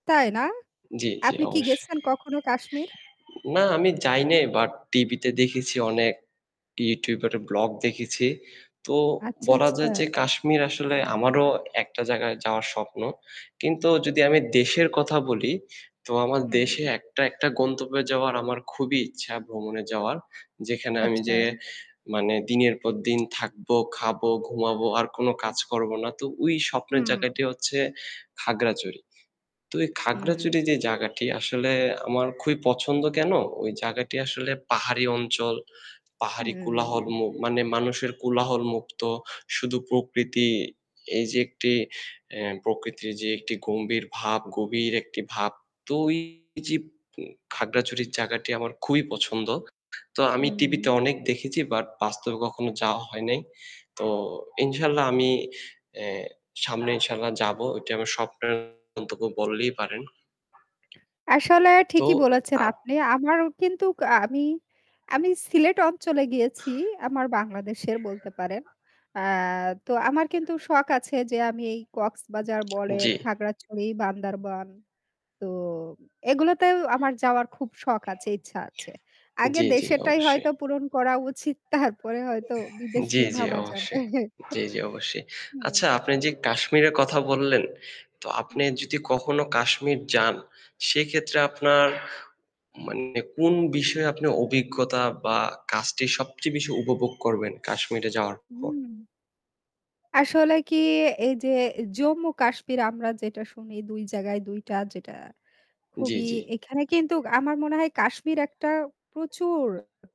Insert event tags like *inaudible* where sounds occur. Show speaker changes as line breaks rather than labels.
তাই না?
জি, জি
আপনি কি
অবশ্যই।
গেছেন কখনো কাশ্মীর?
না আমি যাই নাই বাট টিভিতে দেখেছি অনেক YouTuber এর vlog দেখেছি। তো
আচ্ছা,
বলা
আচ্ছা।
যায় যে কাশ্মীর আসলে আমারও একটা জায়গায় যাওয়ার স্বপ্ন। কিন্তু যদি আমি দেশের কথা বলি, তো আমার দেশে
হুম।
একটা একটা গন্তব্যে যাওয়ার আমার খুবই ইচ্ছা, ভ্রমণে যাওয়ার। যেখানে আমি
আচ্ছা।
যেয়ে মানে দিনের পর দিন থাকবো, খাবো, ঘুমাবো আর কোন কাজ করবো না। তো ওই স্বপ্নের
হুম।
জায়গাটি হচ্ছে খাগড়াছড়ি। তো এই
হুম।
খাগড়াছড়ি যে জায়গাটি আসলে আমার খুবই পছন্দ কেন? ওই জায়গাটি আসলে পাহাড়ি অঞ্চল। পাহাড়ি কোলাহল
হুম।
ম মানে মানুষের কোলাহলমুক্ত। শুধু প্রকৃতি। এই যে একটি, এহ প্রকৃতির যে একটি গম্ভীর ভাব, গভীর একটি ভাব। তো ওই যে উম খাগড়াছড়ির জায়গাটি আমার খুবই পছন্দ। তো আমি
হুম,
টিভিতে
উম
অনেক দেখেছি বাট বাস্তবে কখনো যাওয়া হয় নাই। তো ইনশাল্লাহ আমি, অ্যা সামনে ইনশাল্লাহ যাব। ওইটি আমার স্বপ্নের গন্তব্য বললেই পারেন।
আসলে
তো
ঠিকই বলেছেন,
আ
আপনি। আমারও কিন্তু কা আমি, আমি সিলেট অঞ্চলে গিয়েছি আমার বাংলাদেশের বলতে পারেন। অ্যা তো আমার কিন্তু শখ আছে যে আমি এই কক্সবাজার বলেন,
জি।
খাগড়াছড়ি, বান্দরবান তো এগুলোতেও আমার যাওয়ার খুব শখ আছে, ইচ্ছা আছে। আগে
জি, জি
দেশেরটাই
অবশ্যই।
হয়তো পূরণ করা উচিত তারপরে হয়তো বিদেশ
জি,
নিয়ে
জি
ভাবা যাবে।
অবশ্যই। জি, জি অবশ্যই।
*chuckles* হুম।
আচ্ছা আপনি যে কাশ্মীরের কথা বললেন, তো
হু,
আপনি
হুম।
যদি কখনো কাশ্মীর যান সেক্ষেত্রে আপনার মানে কোন বিষয়ে আপনি অভিজ্ঞতা বা কাজটি সবচেয়ে বেশি উপভোগ করবেন কাশ্মীরে যাওয়ার পর?
হুম। আসলে কি এই যে জম্মু কাশ্মীর আমরা যেটা শুনি ২ জায়গায় ২ টা যেটা
জি,
খুবই
জি।
এখানে কিন্তু আমার মনে হয় কাশ্মীর একটা প্রচুর